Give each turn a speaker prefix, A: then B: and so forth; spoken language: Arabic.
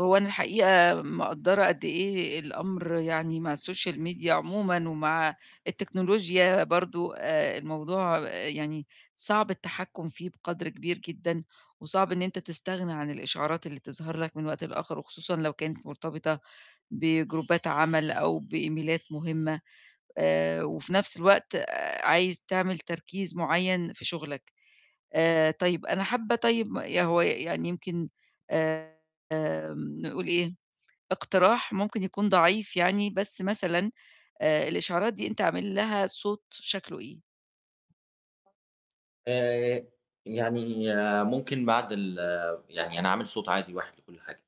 A: هو أنا الحقيقة مِقدَّرة قد إيه الأمر يعني مع الSocial Media عمومًا ومع التكنولوجيا برضه آآ الموضوع يعني صعب التحكُم فيه بقدر كبير جدًا وصعب إن أنت تستغنى عن الإشعارات اللي تظهر لك من وقت لآخِر وخصوصًا لو كانت مرتبطة بجروبات عمل أو بإيميلات مهمة، آآ وفي نَفس الوقت آآ عايز تعمل تركيز معيّن في شُغلك. آآ طيب أنا حابة طيب ما يا هو يعني يمكن آمم، نقول إيه، اقتراح ممكن يكون ضعيف يعني، بس مثلًا آآ الإشعارات دي أنت عامل لها صوت شكله إيه؟
B: آآ يعني ممكن بعد ال يعني أنا عامل صوت عادي واحد لكُل حاجة.